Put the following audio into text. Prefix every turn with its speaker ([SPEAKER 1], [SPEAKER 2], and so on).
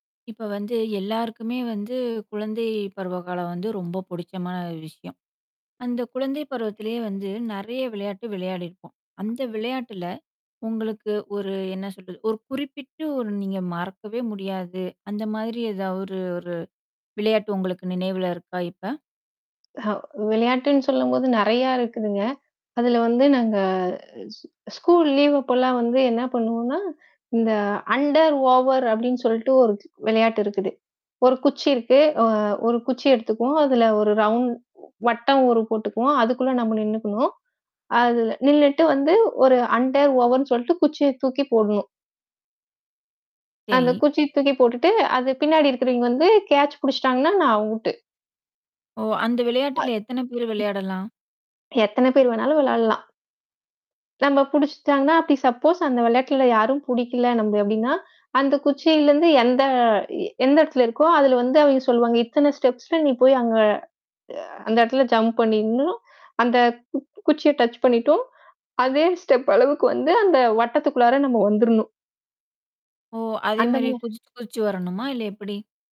[SPEAKER 1] இப்ப வந்து எல்லாருக்குமே வந்து குழந்தை பருவ காலம் வந்து ரொம்ப பிடிச்சமான விஷயம். அந்த குழந்தை பருவத்திலயே வந்து நெறைய விளையாட்டு விளையாடிருப்போம். அந்த விளையாட்டுல உங்களுக்கு ஒரு என்ன சொல்றது, ஒரு குறிப்பிட்டு ஒரு நீங்க மறக்கவே முடியாது. அந்த மாதிரி ஏதாவது ஒரு 1 விளையாட்டு உங்களுக்கு நினைவில இருக்கா இப்ப?
[SPEAKER 2] ஹ! விளையாட்டுன்னு சொல்லம்போது நெறையா இருக்குதுங்க. அதில வந்து நாங்க ஸ்கூல் லீவ் அப்போலாம் வந்து என்ன பண்ணுவோம்னா, இந்த அண்டர் ஓவர் அப்படின்னு சொல்லிட்டு 1 தி வெளையாட்டு இருக்குது. 1 குச்சி இருக்கு அ 1 குச்சி எடுத்துக்குவோம். அதில 1 ரவுண்ட் வட்டம் ஒரு போட்டுக்குவோம். அதுக்குள்ளே நம்ம நின்னுக்கணும். அதில நின்னுட்டு வந்து ஒரு அண்டர் ஓவருன்னு சொல்ட்டு குச்சிய தூக்கி போடணும். அந்த
[SPEAKER 1] சரி.
[SPEAKER 2] குச்சிய தூக்கி போட்டுட்டு, அது பின்னாடி இருக்கிறவிங்க வந்து கேட்ச் பிடிச்சிட்டாங்கன்னா, நான் அவுட்டு.
[SPEAKER 1] ஓ! அந்த
[SPEAKER 2] [unintelligible] ம்.
[SPEAKER 1] விளையாட்டில எத்தன பேர் விளையாடலாம்?
[SPEAKER 2] எத்தன பேர் வேணாலும் விளையாடலாம். நம்மள பிடிச்சிட்டாங்கனா, அப்படி சப்போஸ் அந்த விளையாட்ல யாரும் புடிக்கல நம்ப அப்டின்னா, அந்த குச்சியில இருந்து எந்த இ எந்த இடத்துல இருக்கோ, அதுல வந்து அவிங்க சொல்லுவாங்க. இத்தனை ஸ்டெப்ஸ்ல நீ போய் அங்க அ அந்த இடத்துல ஜம்ப் பண்ணிரனும். அந்த கு குச்சிய டச் பண்ணிட்டும் அதே ஸ்டெப் அளவுக்கு வந்து, அந்த வட்டத்துக்குள்ளார நம்ம வந்துரணும்.
[SPEAKER 1] ஓ! அதே
[SPEAKER 2] அந்த
[SPEAKER 1] மாதிரி
[SPEAKER 2] மா.
[SPEAKER 1] குதிச்சி குதிச்சி வரணுமா, இல்ல எப்படி?